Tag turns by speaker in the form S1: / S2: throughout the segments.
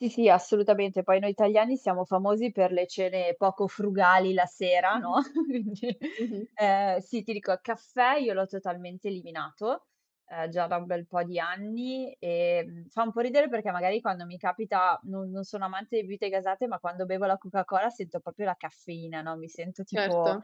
S1: Sì, sì, assolutamente, poi noi italiani siamo famosi per le cene poco frugali la sera, no,
S2: Mh-mh.
S1: [unintelligible]
S2: Mh-mh.
S1: ehm, sì, ti dico, caffè, io l'ho totalmente eliminato, uhm, già da un bel po' di anni e, mhmm, fa un po' ridere perché, magari, quando mi capita no non sono amante di bibite gasate, ma quando bevo la Coca-Cola sento proprio la caffeina, no, mi sento,
S2: Certo.
S1: tipo,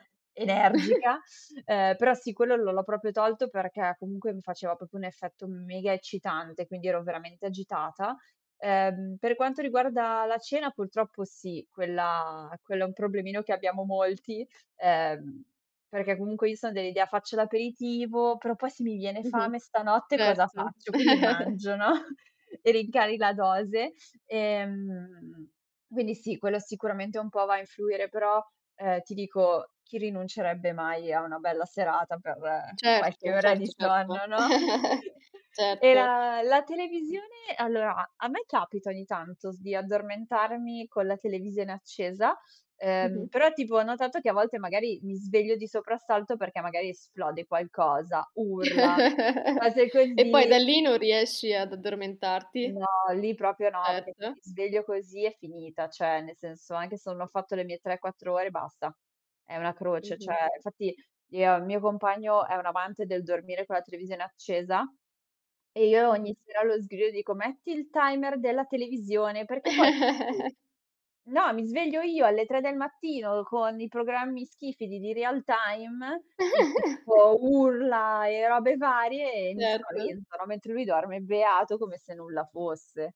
S1: energica, ehm, però, sì, quello l'ho l'ho proprio tolto perché, comunque, mi faceva proprio un effetto mega eccitante, quindi ero veramente agitata. Ehm, per quanto riguarda la cena, purtroppo sì, quella quello è un problemino che abbiamo molti, ehm, perché, comunque, io sono dell'idea: "Faccio l'aperitivo, però poi se mi viene
S2: Mh-mh.
S1: fame stanotte cosa
S2: Certo.
S1: faccio?" Quindi mangio, no, e rincari la dose. Ehm quindi sì, quello sicuramente un po' va a influire. Però, ehm, ti dico, chi rinuncerebbe mai a una bella serata per qualche
S2: Certo,
S1: ora di
S2: certo, certo.
S1: sonno, no? E
S2: Certo.
S1: la la televisione, allora a a me capita ogni tanto s di addormentarmi con la televisione accesa, ehm,
S2: Mh-mh.
S1: però, tipo, ho notato che a volte, magari, mi sveglio di soprassalto perché, magari, esplode qualcosa, urla, cose
S2: E poi da
S1: così.
S2: lì non riesci ad addormentarti.
S1: No, lì proprio no, perché se
S2: Certo.
S1: mi sveglio così è finita, cioè, nel senso, anche se non ho fatto le mie 3, 4 ore, basta. È una croce, cioè,
S2: Mh-mh.
S1: infatti il mio compagno è un amante del dormire con la televisione accesa e io ogni
S2: Mh-mh.
S1: sera lo sgrido e gli dico: "Metti il timer della televisione!" Perché poi no, mi sveglio io alle 3 del mattino con i programmi schifidi di Real Time i tipo urla e robe varie e mi
S2: Certo.
S1: spavento, no, mentre lui dorme beato come se nulla fosse.